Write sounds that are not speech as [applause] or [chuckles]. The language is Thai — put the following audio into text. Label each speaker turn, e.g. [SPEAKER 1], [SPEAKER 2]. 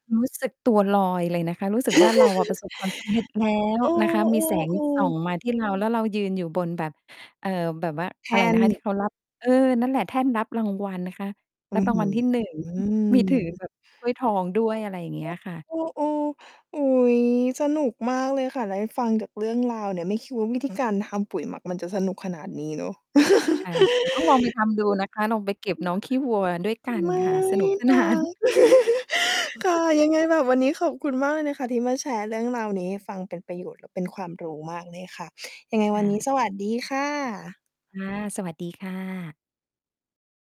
[SPEAKER 1] รู้สึกตัวลอยเลยนะคะ รู้สึกว่า เราอะ ประ
[SPEAKER 2] [chuckles]
[SPEAKER 1] สบความสำเร็จแล้ว
[SPEAKER 2] เอ
[SPEAKER 1] นะคะ มี แสง ส
[SPEAKER 2] อ
[SPEAKER 1] ่อ
[SPEAKER 2] ๆ ๆ
[SPEAKER 1] งมาที่เรา แล้วเรายืนอยู่บนแบบ เอ่อ แบบว่า
[SPEAKER 2] แท
[SPEAKER 1] อะไร
[SPEAKER 2] ่
[SPEAKER 1] น
[SPEAKER 2] น
[SPEAKER 1] ะคะ ที่เขา รับ เออ นั่นแหละ แท่นรับรางวัลนะคะ
[SPEAKER 2] อ
[SPEAKER 1] ร
[SPEAKER 2] ื
[SPEAKER 1] ั
[SPEAKER 2] ้
[SPEAKER 1] บ
[SPEAKER 2] อ
[SPEAKER 1] รา
[SPEAKER 2] ฮ
[SPEAKER 1] ง
[SPEAKER 2] ื
[SPEAKER 1] วัล
[SPEAKER 2] อ
[SPEAKER 1] ที่ 1 [chuckles] มี ถือแบบ ถ้วยทองด้วย อะไรอย่างเงี้ยค่ะ
[SPEAKER 2] เออ ๆ ๆ อุ๊ย สนุกมากเลยค่ะ ได้ฟังจากเรื่องราวเนี่ย ไม่คิดว่าวิธี การทำปุ๋ยหมักมันจะสนุกขนาดนี้เนาะ
[SPEAKER 1] ค
[SPEAKER 2] [chuckles]
[SPEAKER 1] ่ะ แต่ต้องลองไปทำดู
[SPEAKER 2] จ
[SPEAKER 1] นะคะ ลองไปเก็บน้องขี้วัวด้วยก
[SPEAKER 2] ริ
[SPEAKER 1] ั
[SPEAKER 2] ง
[SPEAKER 1] น
[SPEAKER 2] เหรอ
[SPEAKER 1] ค่
[SPEAKER 2] ค
[SPEAKER 1] ะ
[SPEAKER 2] ะ? ไ
[SPEAKER 1] ส
[SPEAKER 2] ม
[SPEAKER 1] นุ
[SPEAKER 2] ่
[SPEAKER 1] ก ส
[SPEAKER 2] น
[SPEAKER 1] น
[SPEAKER 2] ะ
[SPEAKER 1] าน
[SPEAKER 2] [chuckles] ค่ะ
[SPEAKER 1] [chuckles]
[SPEAKER 2] ยังไงแบบวันนี้ขอบคุณมากเลยนะคะที่มาแชร์เรื่องราวนี้ให้ฟัง เป็นประโยชน์และเป็นความรู้มากเลยค่ะ ยังไงว
[SPEAKER 1] ค
[SPEAKER 2] ัน
[SPEAKER 1] ่
[SPEAKER 2] นี้
[SPEAKER 1] ะ
[SPEAKER 2] สวัสดีค่ะ
[SPEAKER 1] ค่ะ สวัสดีค่ะ